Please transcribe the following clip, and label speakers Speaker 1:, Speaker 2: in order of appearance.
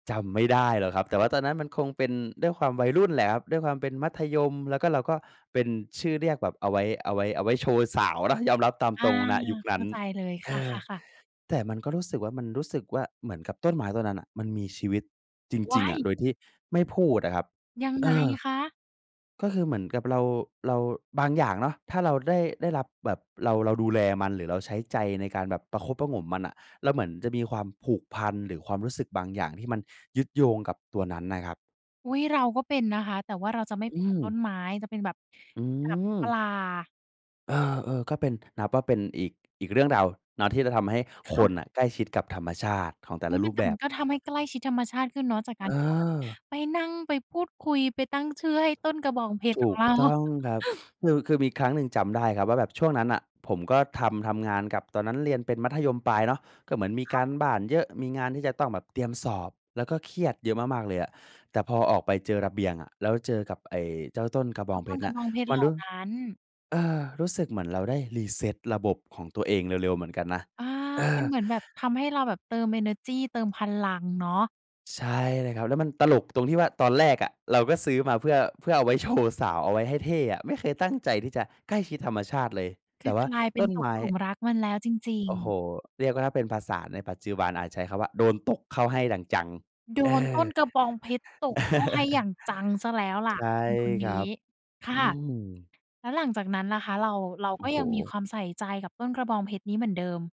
Speaker 1: จำไม่ได้หรอกครับ แต่ว่าตอนนั้นมันคงเป็น ด้วยความวัยรุ่นแหละครับ ด้วยความเป็นมัธยม แล้วก็ เราก็เป็นชื่อเรียกแบบเอาไว้ เอาไว้ เอาไว้โชว์สาวนะ ยอมรับตาม
Speaker 2: อ
Speaker 1: ต
Speaker 2: า
Speaker 1: รง ณ ยุคน
Speaker 2: เ
Speaker 1: ั
Speaker 2: ข
Speaker 1: ้น
Speaker 2: ้าใจเลย
Speaker 1: เอ
Speaker 2: ค
Speaker 1: อ
Speaker 2: ่ะ ๆ ๆ
Speaker 1: แต่มันก็รู้สึกว่า มันรู้สึกว่า เหมือนกับต้นไม้ต้นนั้นน่ะ มันมีชีวิตจ
Speaker 2: ว
Speaker 1: ริ
Speaker 2: ้
Speaker 1: ง
Speaker 2: า
Speaker 1: ๆ อะ
Speaker 2: ย!
Speaker 1: โดยที่ไม่พูดอะครับ
Speaker 2: ยัง
Speaker 1: เอ
Speaker 2: ไง
Speaker 1: อ
Speaker 2: คะ?
Speaker 1: ก็คือเหมือนกับเรา เรา บางอย่างเนาะ ถ้าเราได้ ได้รับแบบ เรา เราดูแลมัน หรือเราใช้ใจในการแบบประคบประหงมมันน่ะ เราเหมือนจะมีความผูกพัน หรือความรู้สึกบางอย่างที่มันยึดโยงกับตัวนั้นน่ะครับ
Speaker 2: อุ๊ย! เราก็เป็นนะคะ แต่ว่าเราจะไม่
Speaker 1: อ
Speaker 2: เ
Speaker 1: ื
Speaker 2: ป็นกับต้
Speaker 1: ม
Speaker 2: นไม้จะเป็นแบบ
Speaker 1: อื
Speaker 2: แบบป
Speaker 1: ม
Speaker 2: ลา
Speaker 1: เออ ๆ ก็เป็น นับว่าเป็นอีก อีกเรื่องราวเนาะที่จะทำให้
Speaker 2: ค
Speaker 1: ค
Speaker 2: ่
Speaker 1: น
Speaker 2: ะ
Speaker 1: น่ะใกล้ชิดกับธรรมชาติของแต่
Speaker 2: อุ๊
Speaker 1: ละ
Speaker 2: ย!
Speaker 1: ร
Speaker 2: มั
Speaker 1: ู
Speaker 2: น
Speaker 1: ป
Speaker 2: แต่
Speaker 1: แบ
Speaker 2: มั
Speaker 1: บ
Speaker 2: นก็ทำให้ใกล้ชิดธรรมชาติขึ้นเนาะ จากก
Speaker 1: เ
Speaker 2: ารที่เราแบบ
Speaker 1: ออ
Speaker 2: ไปนั่งไปพูดคุยไปตั้งชื่อให้ต้นกระบองเพช
Speaker 1: ถ
Speaker 2: รข
Speaker 1: ู
Speaker 2: อง
Speaker 1: ก
Speaker 2: เรา
Speaker 1: ต้องครับ คือ คือมีครั้งหนึ่งจำได้ครับว่า แบบช่วงนั้นน่ะผมก็ทำ ทำงานกับ ตอนนั้นเรียนเป็นมัธยมปลายเนาะ ก็เหมือนมี
Speaker 2: ค
Speaker 1: ก
Speaker 2: ่
Speaker 1: า
Speaker 2: ะ
Speaker 1: รบ้านเยอะ มีงานที่จะต้องแบบเตรียมสอบ แล้วก็เครียดเยอะมาก ๆ เลยอะ แต่พอออกไปเจอระเบียงอะ แล้วเจอกับไอ้เจ้าต้นกระบ
Speaker 2: ก
Speaker 1: อ
Speaker 2: ็
Speaker 1: งเพ
Speaker 2: ต้น
Speaker 1: ชร
Speaker 2: ก
Speaker 1: น
Speaker 2: ร
Speaker 1: ่
Speaker 2: ะ
Speaker 1: ะ
Speaker 2: บองเพชร
Speaker 1: มั
Speaker 2: เ
Speaker 1: น
Speaker 2: หล่
Speaker 1: รู
Speaker 2: า
Speaker 1: ้
Speaker 2: นั้น
Speaker 1: เออ รู้สึกเหมือนเราได้ reset ระบบของตัวเองเร็ว ๆ เหมือนกันนะ
Speaker 2: อา
Speaker 1: เอ
Speaker 2: มั
Speaker 1: อ
Speaker 2: นเหมือนแบบทำให้เราแบบเติมเอเนอร์จี เติมพลังเนาะ
Speaker 1: ใช่เลยครับ แล้วมันตลกตรงที่ว่า ตอนแรกอะเราก็ซื้อมาเพื่อ เพื่อเอาไว้โชว์สาวเอาไว้ให้เท่อะ ไม่เคยตั้งใจที่จะใกล้ชิดธรรมชาติเลย แ
Speaker 2: ค
Speaker 1: ต
Speaker 2: ื
Speaker 1: ่
Speaker 2: อ
Speaker 1: ว่า
Speaker 2: กลายเป
Speaker 1: ต
Speaker 2: ็
Speaker 1: ้
Speaker 2: น
Speaker 1: น
Speaker 2: ต
Speaker 1: ไม
Speaker 2: ก
Speaker 1: ้
Speaker 2: หลุมรักมันแล้วจริ
Speaker 1: โ
Speaker 2: ง
Speaker 1: อ้โฮ
Speaker 2: ๆ
Speaker 1: เรียกว่า ถ้าเป็นภาษาในปัจจุบันอาจใช้คำว่า "โดนตกเข้าให้ดั่งจัง"
Speaker 2: โด
Speaker 1: เอ
Speaker 2: นต
Speaker 1: อ
Speaker 2: ้นกระบองเพชรตกเข้าให้อย่างจังเสียแล้วล่
Speaker 1: ใ
Speaker 2: ะ
Speaker 1: ช่
Speaker 2: คน
Speaker 1: ค
Speaker 2: ๆ น
Speaker 1: รั
Speaker 2: ี้
Speaker 1: บ
Speaker 2: ค่
Speaker 1: อื
Speaker 2: ะ
Speaker 1: ม
Speaker 2: แล้วหลังจากนั้นล่ะคะ เรา เรา
Speaker 1: โอ
Speaker 2: ก
Speaker 1: ้
Speaker 2: ็
Speaker 1: โ
Speaker 2: ยังมี
Speaker 1: ฮ
Speaker 2: ความใส่ใจกับต้นกระบองเพชรนี้เหมือนเดิม?